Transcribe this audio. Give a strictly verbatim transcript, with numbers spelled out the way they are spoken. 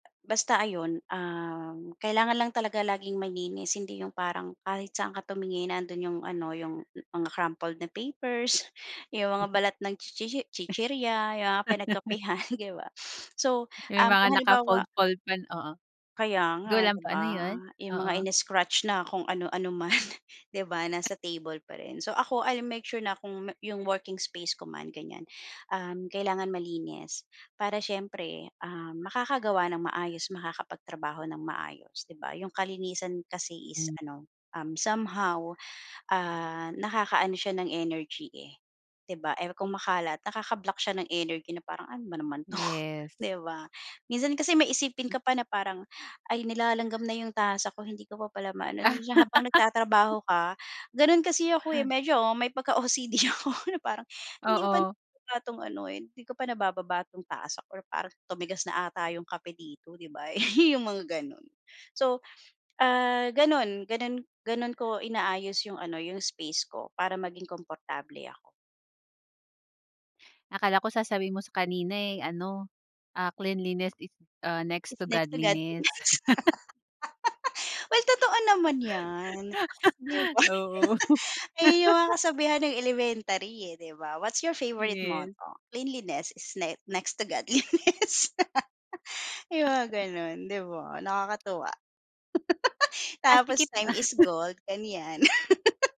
Basta ayon, um, kailangan lang talaga laging malinis. hindi yung parang kahit saan ka tumingin nandun yung ano yung mga crumpled na papers, yung mga balat ng chichi chichirya, yung mga pinagkapehan 'di ba? So, May um, kung mga halimbawa naka-fold fold pan oo. Kaya Go nga lang 'di po ba ano yun, 'yong mga oo. ini-scratch na kung ano-ano man. 'Di ba nasa table pa rin. So ako l'll make sure na kung 'yong working space ko man ganyan, um, kailangan malinis para siyempre, ah, makakagawa ng maayos, makakapagtrabaho ng maayos 'di ba 'yong kalinisan kasi is Hmm. ano, um, somehow, ah, nakakaano siya ng energy, eh 'di ba? Kung makalat nakaka-block siya ng energy na parang "Ano ba naman 'to?" Yes. 'di ba. Minsan kasi may isipin ka pa na parang "Ay nilalanggam na 'yong tasa ko hindi ko pa pala maano" siya habang nagtatrabaho ka. Gano'n kasi ako medyo may pagka-O-C-D ako na parang hindi ko pa Oo. na itong ano hindi ko pa nabababa itong tasa ko parang tumigas na 'ata 'yong kape dito 'di ba. Eh, yung mga ganun. So, ah, gano'n, ganun, ganun ko inaayos 'yong ano 'yong space ko para maging komportable ako. Akala ko sasabihin mo sa kanina, eh, ano, ah, Cleanliness is Next Is to next to God. Godliness. Well totoo naman yan 'di ba. Oo. Eh, yun mga kasabihan ng elementary, eh 'di ba? What's your favorite Yes. motto? "Cleanliness is ne Next to Godliness." Yung mga ganon 'di ba nakakatuwa. Ah, Tapos sikip "Time is gold" ganyan.